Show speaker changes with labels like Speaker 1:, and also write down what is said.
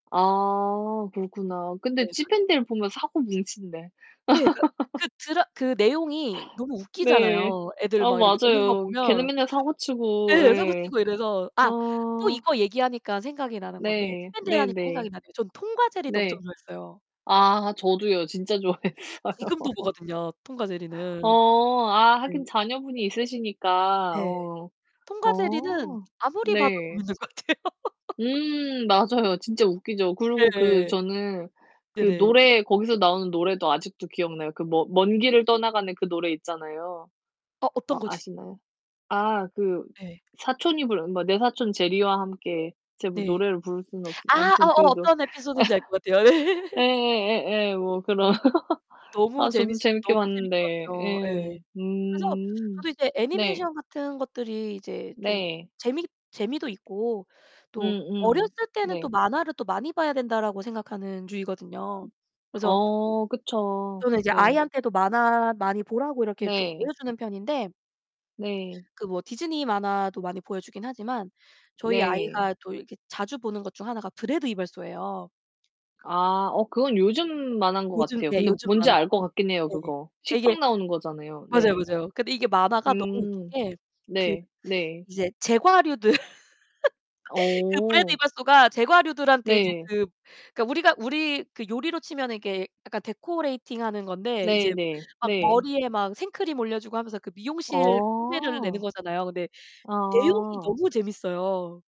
Speaker 1: 아 그렇구나. 근데
Speaker 2: 네.
Speaker 1: 지팬디를 보면 사고 뭉친데.
Speaker 2: 네, 그 그 드라 그 내용이 너무
Speaker 1: 네.
Speaker 2: 웃기잖아요. 애들
Speaker 1: 아
Speaker 2: 막 이렇게 노는 거
Speaker 1: 맞아요. 걔는
Speaker 2: 보면.
Speaker 1: 맨날 사고치고
Speaker 2: 예,
Speaker 1: 예.
Speaker 2: 사고치고 이래서
Speaker 1: 아.
Speaker 2: 아 또 이거 얘기하니까 생각이 나는 건데
Speaker 1: 네
Speaker 2: [unintelligible] 하니까
Speaker 1: 네네.
Speaker 2: 생각이 나네요. 저는 톰과 제리도 엄청
Speaker 1: 네.
Speaker 2: 좋아했어요.
Speaker 1: 아 저도요. 진짜 좋아했어요.
Speaker 2: 지금도 보거든요, 톰과 제리는.
Speaker 1: 어 아
Speaker 2: 네.
Speaker 1: 하긴 자녀분이 있으시니까.
Speaker 2: 네,
Speaker 1: 어.
Speaker 2: 톰과 제리는
Speaker 1: 어.
Speaker 2: 아무리 봐도
Speaker 1: 네.
Speaker 2: 재밌는 것 같아요.
Speaker 1: 음 맞아요. 진짜 웃기죠. 그리고 그
Speaker 2: 예.
Speaker 1: 저는 그
Speaker 2: 네네.
Speaker 1: 노래 거기서 나오는 노래도 아직도 기억나요. 그 머 먼 길을
Speaker 2: 네.
Speaker 1: 떠나가는 그 노래 있잖아요.
Speaker 2: 어 어떤
Speaker 1: 어
Speaker 2: 거지?
Speaker 1: 아시나요? 아 그
Speaker 2: 네.
Speaker 1: 사촌이 부르는 뭐 내 사촌 제리와 함께 제가 뭐
Speaker 2: 네.
Speaker 1: 노래를 부를 수는 없어
Speaker 2: 아
Speaker 1: 아무튼
Speaker 2: 어어
Speaker 1: 그 거.
Speaker 2: 어떤 에피소드인지 알 것 같아요. 예.
Speaker 1: 예 예 예 예. 뭐 그런
Speaker 2: 너무
Speaker 1: 아 저도
Speaker 2: 쟀밌었
Speaker 1: 재밌게
Speaker 2: 너무 재밌게
Speaker 1: 봤는데.
Speaker 2: 봤죠.
Speaker 1: 예.
Speaker 2: 예. 그래서
Speaker 1: 음
Speaker 2: 저도 이제
Speaker 1: 네.
Speaker 2: 애니메이션 같은 것들이 이제 좀
Speaker 1: 네.
Speaker 2: 재미 재미도 있고
Speaker 1: 음
Speaker 2: 또 '어렸을
Speaker 1: 음
Speaker 2: 때는 또
Speaker 1: 네.
Speaker 2: 만화를 또 많이 봐야 된다.'라고 생각하는 주의거든요. 그래서
Speaker 1: 어 그쵸.
Speaker 2: 또는 이제
Speaker 1: 네.
Speaker 2: 아이한테도 만화 많이 보라고 이렇게 좀
Speaker 1: 네.
Speaker 2: 보여주는 편인데
Speaker 1: 네.
Speaker 2: ...그 뭐 디즈니 만화도 많이 보여주긴 하지만 저희
Speaker 1: 네.
Speaker 2: 아이가 또 이렇게 자주 보는 것 중 하나가 브레드 이발소예요.
Speaker 1: 아 어 그건 요즘 만화인 거
Speaker 2: 요즘
Speaker 1: 같아요.
Speaker 2: 예,
Speaker 1: 근데
Speaker 2: 요즘
Speaker 1: 뭔지
Speaker 2: 만화.
Speaker 1: 알 것
Speaker 2: [unintelligible]
Speaker 1: 같긴 해요,
Speaker 2: 네.
Speaker 1: 그거.
Speaker 2: 아 이게
Speaker 1: 식빵 나오는 거잖아요.
Speaker 2: 맞아요,
Speaker 1: 네.
Speaker 2: 맞아요. 근데 이게 만화가 너무 웃긴
Speaker 1: 음
Speaker 2: 게 그
Speaker 1: 네 네.
Speaker 2: 이제 제과류들, 그 브레드
Speaker 1: 어.
Speaker 2: 이발소가 제과류들한테 이제
Speaker 1: 네.
Speaker 2: 그 그러니까 우리가 우리 그 요리로 치면은 이렇게 약간 데코레이팅하는 건데 이제
Speaker 1: 네네,
Speaker 2: 막
Speaker 1: 네.
Speaker 2: 머리에 막 생크림 올려주고 하면서 그 미용실 흉내를 내는
Speaker 1: 어.
Speaker 2: 거잖아요. 근데 내용이
Speaker 1: 아
Speaker 2: 너무 재밌어요.